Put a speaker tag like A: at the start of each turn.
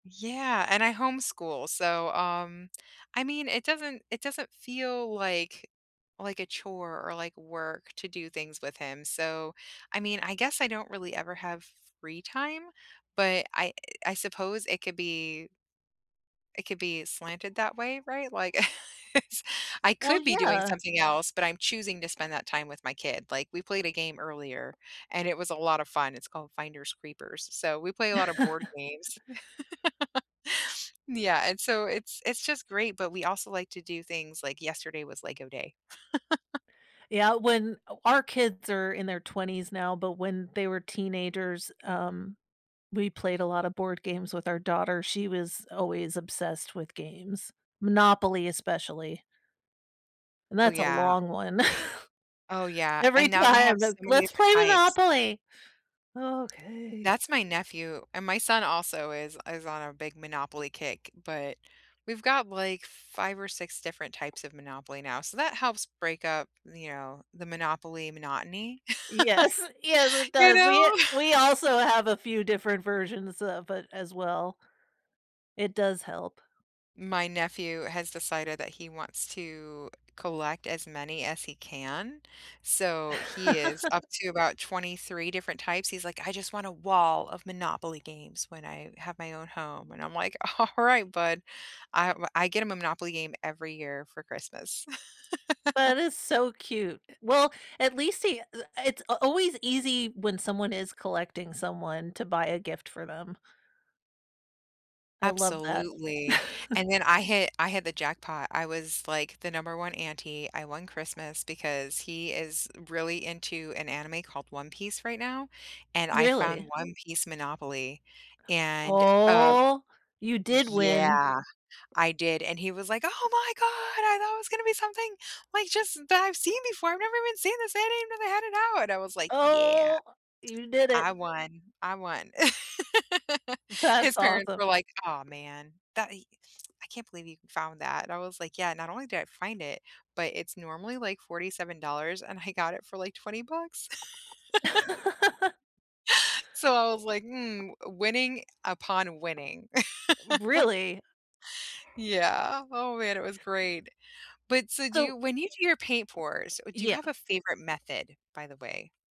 A: Yeah, and I homeschool, so, um, I mean, it doesn't it doesn't feel like like a chore or like work to do things with him, so, I mean, I guess I don't really ever have free time? But I I suppose it could be it could be slanted that way, right? Like, it's I
B: Well,
A: could be doing
B: yeah.
A: something else, but I'm choosing to spend that time with my kid. Like, we played a game earlier, and it was a lot of fun, it's called Finders Creepers, so we play a lot of board games. Yeah, and so it's it's just great, but we also like to do things, like, yesterday was Lego day.
B: Yeah, when o our kids are in their 20s now, but when they were teenagers, um, we played a lotta board games with our daughter, she was always obsessed with games. Monopoly, especially. And
A: Oh,
B: that's a
A: yeah.
B: long one.
A: Oh, yeah, and
B: Every
A: now they have
B: time,
A: so
B: it's,
A: many
B: "Let's
A: different
B: play
A: types.
B: Monopoly." "Okay."
A: That's my nephew. And my son also is is on a big Monopoly kick, but we've got, like, 5 or 6 different types of Monopoly now, so that helps break up, you know, the Monopoly monotony.
B: Yes, yes, it
A: You
B: does.
A: know?
B: We we also have a few different versions of it, as well. It does help.
A: My nephew has decided that he wants to collect as many as he can. So, he is up to about 23 different types. He's like, "I just want a wall of Monopoly games when I have my own home." And I'm like, "Alright, bud." I w I get him a Monopoly game every year for Christmas.
B: That is so cute. Well, at least he eh it's a always easy when someone is collecting someone to buy a gift for them. I love that.
A: Absolutely, and then I hit I hit the jackpot. I was, like, the number 1 auntie, I won Christmas because he is really into an anime called One Piece right now, and I
B: Really?
A: found One Piece Monopoly. And, uh
B: Oh! You did win.
A: yeah, I did, and he was like, "Oh my god! I thought it was gonna be something, like, just that I've seen before, I've never even seen this, I didn't even know they had it out!" And I was like, "Yeah.
B: Oh! You did it.
A: I won, I won."
B: That's
A: His parents
B: awesome.
A: were like, "Aw, man, that he I can't believe you found that." And I was like, "Yeah, not only did I find it, but it's normally, like, $47, and I got it for, like, $20." So, I was like, "Mm, winning upon winning."
B: Really?
A: Yeah. Oh, man, it was great. But, so do you
B: So
A: when you do your paint pours, do you
B: Yeah.
A: have a favorite method, by the way?